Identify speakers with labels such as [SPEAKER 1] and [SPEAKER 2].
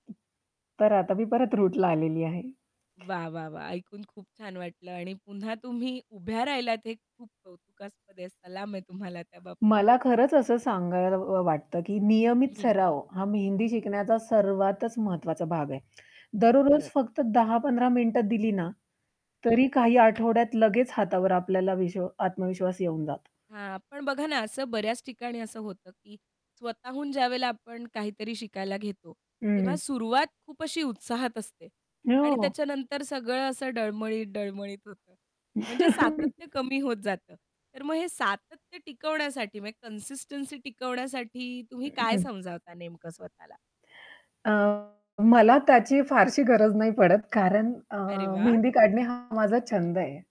[SPEAKER 1] तर आता मी परत रूटला आलेली आहे.
[SPEAKER 2] वाह! वाह! वाह! ऐकून खूप छान वाटलं आणि पुन्हा तुम्ही उभ्या राहिलात हे खूप कौतुकास्पद आहे, सलाम आहे तुम्हाला त्या बाबतीत.
[SPEAKER 1] मला खरंच असं सांगावं व वाटतं, की नियमित
[SPEAKER 2] हं.
[SPEAKER 1] सराव हा मेहंदी शिकण्याचा सर्वातच महत्वाचा भाग आहे, दररोज
[SPEAKER 2] खरंच.
[SPEAKER 1] फक्त 10-15 मिनिटं दिली ना
[SPEAKER 2] हं.
[SPEAKER 1] तरी काही आठवड्यात लगेच हातावर आपल्याला विश आत्मविश्वास येऊन जातं.
[SPEAKER 2] हां. पण बघा ना असं बऱ्याच ठिकाणी असं होतं, की स्वतःहून ज्यावेळेला आपण काहीतरी शिकायला घेतो,
[SPEAKER 1] हं,
[SPEAKER 2] तेव्हा
[SPEAKER 1] हं.
[SPEAKER 2] सुरुवात खूप अशी उत्साहात असते आणि
[SPEAKER 1] हो.
[SPEAKER 2] त्याच्यानंतर सगळं असं डळमळीत, डळमळीत होतं. म्हणजे सातत्य कमी होत जातं. तर मग हे सातत्य टिकवण्यासाठी म्हणजे कन्सिस्टन्सी टिकवण्यासाठी तुम्ही काय
[SPEAKER 1] हं.
[SPEAKER 2] समजावता नेमकं स्वतःला?
[SPEAKER 1] अ, मला त्याची फारशी गरज नाही पडत कारण अ,
[SPEAKER 2] अरे वाह!
[SPEAKER 1] मेहंदी काढणे हा माझा छंद आहे.